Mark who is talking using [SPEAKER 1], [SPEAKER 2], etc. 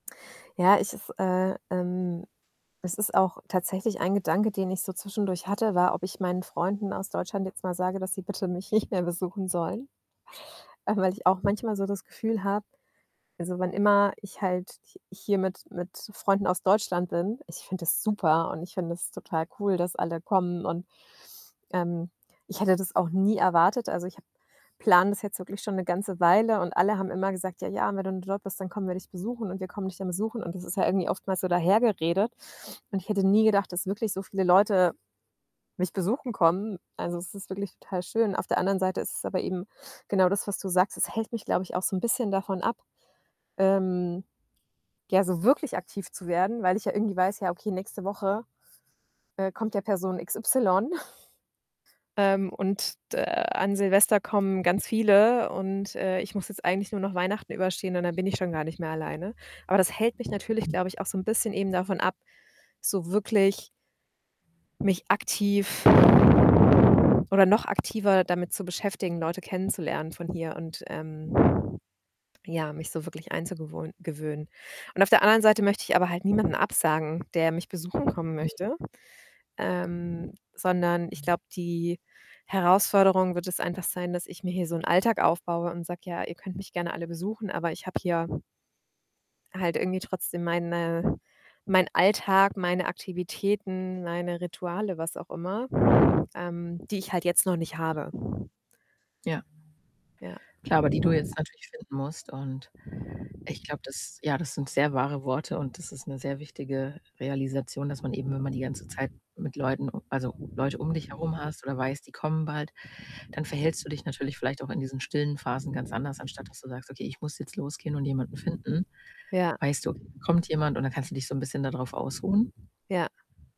[SPEAKER 1] Ja, ich es, äh, ähm es ist auch tatsächlich ein Gedanke, den ich so zwischendurch hatte, war, ob ich meinen Freunden aus Deutschland jetzt mal sage, dass sie bitte mich nicht mehr besuchen sollen. Einfach weil ich auch manchmal so das Gefühl habe also, wann immer ich halt h hier mit mit Freunden aus Deutschland bin, ich finde das super und ich finde das total cool, dass alle kommen. Und, ähm, ich hätte das auch nie erwartet. Also, ich habe plane das jetzt wirklich schon 'ne ganze Weile und alle haben immer gesagt: „Ja, ja, wenn du im Job bist, dann kommen wir dich besuchen und wir kommen dich dann besuchen.“ Und das ist ja irgendwie oftmals so dahergeredet. Und ich hätte nie gedacht, dass wirklich so viele Leute mich besuchen kommen. Also, es ist wirklich total schön. Auf der anderen Seite ist es aber eben genau das, was du sagst. Es hält mich, glaube ich, auch so 'n bisschen davon ab, ähm, ja, so wirklich aktiv zu werden, weil ich ja irgendwie weiß, ja, okay, nächste Woche, äh, kommt ja Person x y ähm, und d äh, an Silvester kommen ganz viele und, äh, ich muss jetzt eigentlich nur noch Weihnachten überstehen und dann bin ich schon gar nicht mehr alleine. Aber das hält mich natürlich,
[SPEAKER 2] [unintelligible]
[SPEAKER 1] glaube ich, auch so 'n bisschen eben davon ab, so wirklich mich aktiv oder noch aktiver damit zu beschäftigen, Leute kennenzulernen von hier und, ähm ...ja, mich so wirklich einzugewohn gewöhnen. Und auf der anderen Seite möchte ich aber halt niemanden absagen, der mich besuchen kommen
[SPEAKER 2] Mhm.
[SPEAKER 1] möchte, ähm, sondern ich glaube, die Herausforderung wird es einfach sein, dass ich mir hier so 'n Alltag aufbaue und sage: „Ja, ihr könnt mich gerne alle besuchen, aber ich habe hier „halt irgendwie trotzdem meine meinen Alltag, meine Aktivitäten, meine Rituale, was auch immer.“ Ähm, die ich halt jetzt noch nicht habe.
[SPEAKER 2] Ja.
[SPEAKER 1] Ja.
[SPEAKER 2] Klar, aber die du jetzt natürlich finden musst. Und ich glaube, das ja, das sind sehr wahre Worte und das ist 'ne sehr wichtige Realisation, dass man eben, wenn man die ganze Zeit mit Leuten also, Leute um dich herum hast oder weißt, die kommen bald, dann verhältst du dich natürlich vielleicht auch in diesen stillen Phasen ganz anders, anstatt dass du sagst: „Okay, ich muss jetzt losgehen und jemanden finden.“
[SPEAKER 1] Ja.
[SPEAKER 2] Weißt du, kommt jemand und dann kannst du dich so 'n bisschen da drauf ausruhen?
[SPEAKER 1] Ja.